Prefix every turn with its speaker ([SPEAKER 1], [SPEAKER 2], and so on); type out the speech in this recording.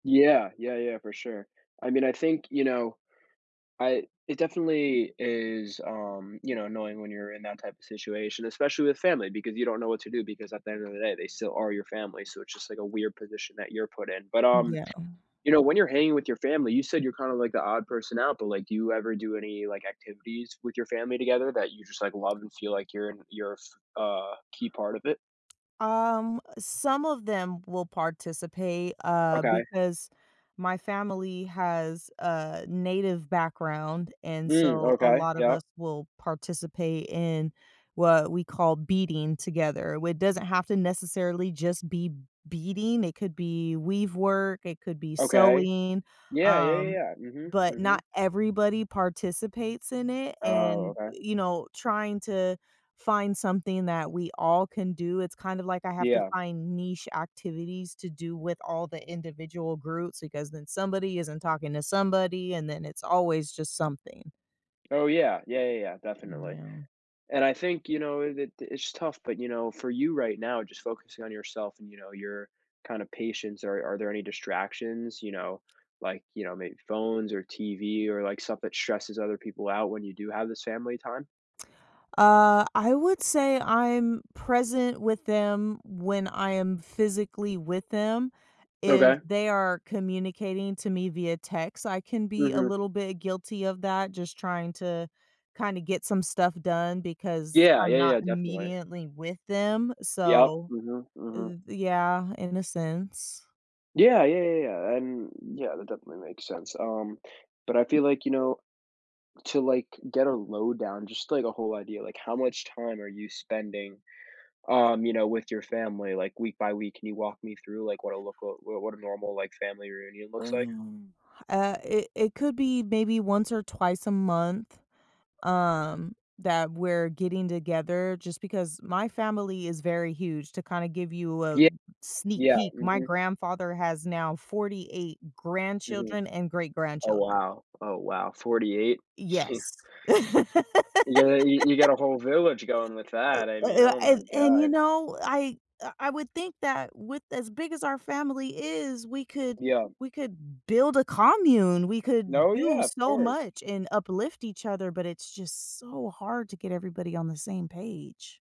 [SPEAKER 1] Yeah. Yeah, yeah, for sure. I mean, I think, you know, I it definitely is, um, you know, annoying when you're in that type of situation, especially with family because you don't know what to do because at the end of the day, they still are your family, so it's just, like, a weird position that you're put in, but, um,
[SPEAKER 2] Yeah.
[SPEAKER 1] you know, when you're hanging with your family, you said you're kinda, like, the odd person out, but, like, do you ever do any, like, activities with your family together that you just, like, love and feel, like, you're in you're f a key part of it?
[SPEAKER 2] Um, some of them will participate, uh,
[SPEAKER 1] Okay.
[SPEAKER 2] because my family has a Native background, and
[SPEAKER 1] Mm,
[SPEAKER 2] so, a
[SPEAKER 1] okay.
[SPEAKER 2] lot of
[SPEAKER 1] Yep.
[SPEAKER 2] us will participate in what we call beading together, with it doesn't have to necessarily just be beading, it could be weave work, it could be
[SPEAKER 1] Okay.
[SPEAKER 2] sewing,
[SPEAKER 1] Yeah, yeah, yeah,
[SPEAKER 2] um,
[SPEAKER 1] yeah. Mhm,
[SPEAKER 2] but not
[SPEAKER 1] mhm.
[SPEAKER 2] everybody participates in it,
[SPEAKER 1] Oh,
[SPEAKER 2] and,
[SPEAKER 1] okay.
[SPEAKER 2] you know, trying to find something that we all can do it's kind of, like, I have to
[SPEAKER 1] Yeah.
[SPEAKER 2] find niche activities to do with all the individual groups, because then somebody isn't talking to somebody, and then it's always just something.
[SPEAKER 1] Oh, yeah. Yeah, yeah, yeah,
[SPEAKER 2] Mm,
[SPEAKER 1] definitely.
[SPEAKER 2] yeah.
[SPEAKER 1] And I think, you know, it it it's tough, but you know, for you right now, just focusing on yourself and, you know, your kind of patience, are are there any distractions, you know, like, you know, maybe phones or TV or, like, stuff that stresses other people out when you do have this family time?
[SPEAKER 2] Uh, I would say I'm present with them when I am physically with them, if
[SPEAKER 1] Okay.
[SPEAKER 2] they are communicating to me via text, I can be a
[SPEAKER 1] Mhm.
[SPEAKER 2] little bit guilty of that, just trying to kinda get some stuff done, because
[SPEAKER 1] Yeah,
[SPEAKER 2] I'm
[SPEAKER 1] yeah,
[SPEAKER 2] not
[SPEAKER 1] yeah, definitely.
[SPEAKER 2] immediately with them,
[SPEAKER 1] Yup,
[SPEAKER 2] so
[SPEAKER 1] mhm, mhm.
[SPEAKER 2] th yeah, in a sense.
[SPEAKER 1] Yeah, yeah, yeah, yeah, and, yeah, that definitely makes sense, um, but I feel, like, you know, to like, get a lowdown, just, like, a whole idea, like, how much time are you spending, um, you know, with your family, like, week by week? Can you walk me through, like, what a look a what what a normal, like, family reunion looks like?
[SPEAKER 2] Um, uh, it it could be maybe once or twice a month, um, that we're getting together, just because my family is very huge; to kinda give you a
[SPEAKER 1] Ye
[SPEAKER 2] sneak
[SPEAKER 1] Yeah,
[SPEAKER 2] peek, my
[SPEAKER 1] mhm.
[SPEAKER 2] grandfather has now 48
[SPEAKER 1] Mhm.
[SPEAKER 2] grandchildren and
[SPEAKER 1] Oh,
[SPEAKER 2] great-grandchildren.
[SPEAKER 1] wow. Oh, wow, 48?
[SPEAKER 2] Yes.
[SPEAKER 1] Yeah, you you got a whole village going with
[SPEAKER 2] L
[SPEAKER 1] that, I mean,
[SPEAKER 2] uh,
[SPEAKER 1] oh
[SPEAKER 2] I
[SPEAKER 1] my
[SPEAKER 2] a and, you
[SPEAKER 1] god.
[SPEAKER 2] know, I I I would think that with as big as our family is, we could
[SPEAKER 1] Yeah.
[SPEAKER 2] we could build a commune, we could
[SPEAKER 1] No, yeah,
[SPEAKER 2] do
[SPEAKER 1] of
[SPEAKER 2] so
[SPEAKER 1] course.
[SPEAKER 2] much and uplift each other, but it's just so hard to get everybody on the same page.